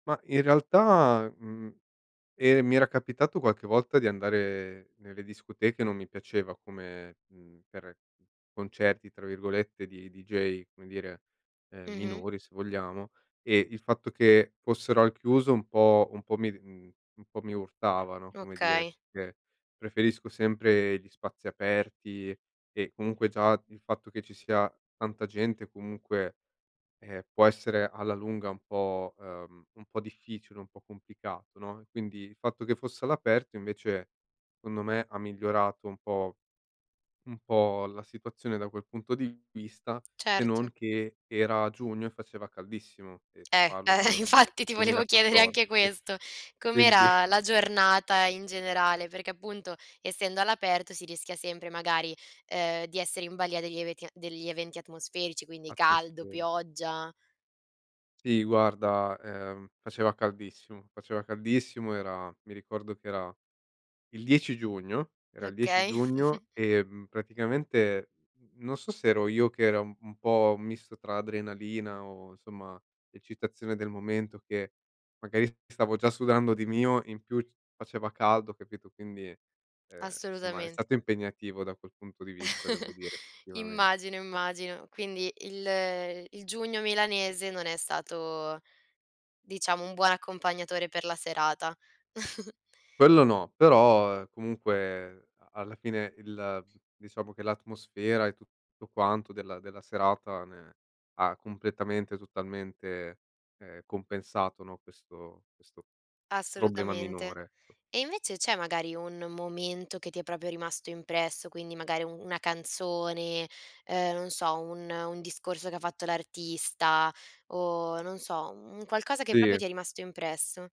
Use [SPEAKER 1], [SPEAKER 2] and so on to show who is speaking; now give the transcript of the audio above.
[SPEAKER 1] Ma in realtà, mhmm, ehm, mi era capitato qualche volta di andare nelle discoteche, non mi piaceva come mhmm, per "concerti" tra virgolette di dj come dire, ehm,
[SPEAKER 2] Mh-mh.
[SPEAKER 1] minori se vogliamo. Ehm, il fatto che fossero al chiuso un po' un po' mi d mhmm, un po' mi urtava, no, come dire,
[SPEAKER 2] Okay.
[SPEAKER 1] perché preferisco sempre gli spazi aperti e comunque, già il fatto che ci sia tanta gente, comunque, eh, può essere alla lunga un po' uhm, un po' difficile, un po' complicato, no, quindi il fatto che fosse all'aperto, invece, secondo me, ha migliorato un po' un po' la situazione da quel punto di vista, se
[SPEAKER 2] Certo.
[SPEAKER 1] non che era giugno e faceva caldissimo e ti
[SPEAKER 2] Eh,
[SPEAKER 1] parlo di
[SPEAKER 2] eh,
[SPEAKER 1] ormai
[SPEAKER 2] infatti
[SPEAKER 1] del
[SPEAKER 2] ti
[SPEAKER 1] duemila
[SPEAKER 2] volevo
[SPEAKER 1] e
[SPEAKER 2] chiedere anche
[SPEAKER 1] quattordici.
[SPEAKER 2] questo,
[SPEAKER 1] Quindi
[SPEAKER 2] com'era la giornata in generale? Perché appunto, essendo all'aperto, si rischia sempre magari, ehm, di essere in balia degli eventia degli eventi atmosferici, quindi caldo,
[SPEAKER 1] Atmosferici.
[SPEAKER 2] pioggia.
[SPEAKER 1] Sì guarda, uhm, faceva caldissimo, faceva caldissimo era mi ricordo che era il 10 giugno. Era il 10
[SPEAKER 2] Okay.
[SPEAKER 1] giugno e, mhmm, praticamente n non so se ero io che era un po' un misto tra adrenalina o insomma eccitazione del momento, che magari s stavo già sudando di mio, in più c faceva caldo capito? Quindi, ehm, somma è
[SPEAKER 2] Assolutament
[SPEAKER 1] stato impegnativo da quel punto di vista, devo dire, effettivamen
[SPEAKER 2] Immagino, immagino. Quindi il il giugno milanese non è stato, diciamo, un buon accompagnatore per la serata.
[SPEAKER 1] Quello no, però, uhm, comunque a alla fine il diciamo che l'atmosfera e tutto quanto della della serata ne ha completamente, totalmente, ehm, compensato, no, questo questo problema
[SPEAKER 2] Assolutamente.
[SPEAKER 1] minore, ecco.
[SPEAKER 2] E invece c'è magari un momento che ti è proprio rimasto impresso, quindi magari u una canzone, ehm, non so, un un discorso che ha fatto l'artista o, non so, mhmm, un qualcosa che proprio
[SPEAKER 1] Sì.
[SPEAKER 2] ti è rimasto impresso?